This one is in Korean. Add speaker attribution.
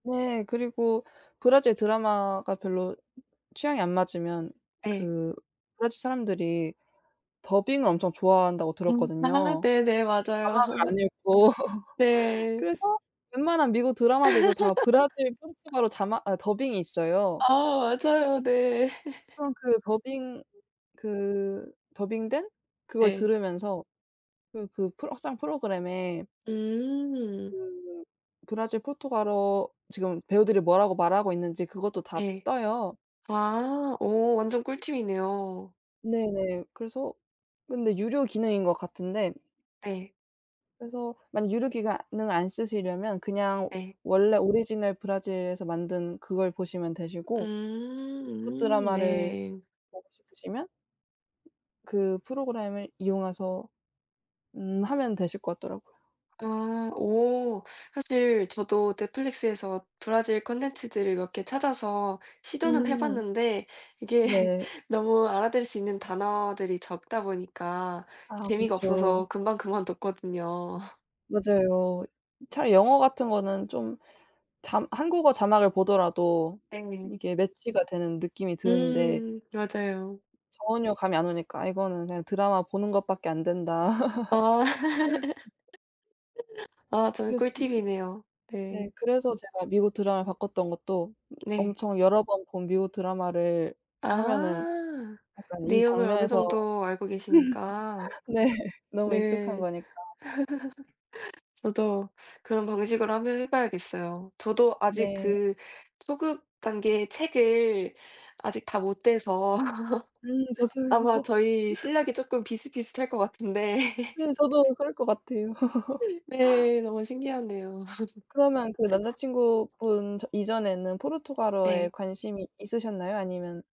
Speaker 1: 네. 그리고 브라질 드라마가 별로 취향이 안 맞으면
Speaker 2: 예.
Speaker 1: 그 브라질 사람들이 더빙을 엄청 좋아한다고
Speaker 2: 음 아
Speaker 1: 들었거든요.
Speaker 2: 네네. 맞아요.
Speaker 1: 자막 안 읽고
Speaker 2: 네.
Speaker 1: 그래서 웬만한 미국 드라마들도 다 브라질 포르투갈어 자막 아 더빙이 있어요.
Speaker 2: 아 맞아요. 네.
Speaker 1: 그럼 그 더빙 그 더빙된 그걸
Speaker 2: 네.
Speaker 1: 들으면서 그 그 크롬 확장 프로그램에
Speaker 2: 음.
Speaker 1: 그 브라질 포르투갈어 지금 배우들이 뭐라고 말하고 있는지 그것도 다
Speaker 2: 네.
Speaker 1: 떠요.
Speaker 2: 아. 어 완전 꿀팁이네요.
Speaker 1: 네네. 그래서 근데 유료 기능인 것 같은데
Speaker 2: 네.
Speaker 1: 그래서 만약 유료기가 능을 안 쓰시려면 그냥
Speaker 2: 예.
Speaker 1: 원래 오리지널 브라질에서 만든 그걸 보시면 되시고 미국
Speaker 2: 음
Speaker 1: 드라마를
Speaker 2: 네.
Speaker 1: 보고 싶으시면 그 프로그램을 이용해서 음 하면 되실 것 같더라고요.
Speaker 2: 아 오. 사실 저도 넷플릭스에서 브라질 컨텐츠들을 몇 개 찾아서 시도는
Speaker 1: 음.
Speaker 2: 해봤는데 이게
Speaker 1: 네.
Speaker 2: 너무 알아들을 수 있는 단어들이 적다 보니까
Speaker 1: 아
Speaker 2: 재미가 없어서
Speaker 1: 그렇죠.
Speaker 2: 금방 그만뒀거든요.
Speaker 1: 맞아요. 차라리 영어 같은 거는 좀 자 한국어 자막을 보더라도
Speaker 2: 네.
Speaker 1: 이게 매치가 되는 느낌이 드는데
Speaker 2: 음 맞아요.
Speaker 1: 전혀 감이 안 오니까 '이거는 그냥 드라마 보는 것밖에 안 된다.'
Speaker 2: 아. 아 좋은
Speaker 1: 그랬어요.
Speaker 2: 꿀팁이네요
Speaker 1: 네
Speaker 2: 네.
Speaker 1: 그래서 제가 미국 드라마로 바꿨던 것도
Speaker 2: 네.
Speaker 1: 엄청 여러 번 본 미국 드라마를 하면은
Speaker 2: 아.
Speaker 1: 약간 이
Speaker 2: 내용을 어느
Speaker 1: 장면에서
Speaker 2: 정도 알고 계시니까.
Speaker 1: 네. 너무 익숙한
Speaker 2: 네.
Speaker 1: 거니까.
Speaker 2: 저도 그런 방식으로 한번 해 봐야겠어요. 저도 아직
Speaker 1: 네.
Speaker 2: 그 초급 단계 책을 아직 다 못 떼서
Speaker 1: 음
Speaker 2: 아마
Speaker 1: 저도요.
Speaker 2: 저희 실력이 쪼끔 비슷비슷할 것 같은데.
Speaker 1: 네 저도 그럴 것 같아요.
Speaker 2: 네. 너무 신기하네요.
Speaker 1: 그러면 그 남자친구분 저 이전에는 포르투갈어에
Speaker 2: 네.
Speaker 1: 관심이 있으셨나요? 아니면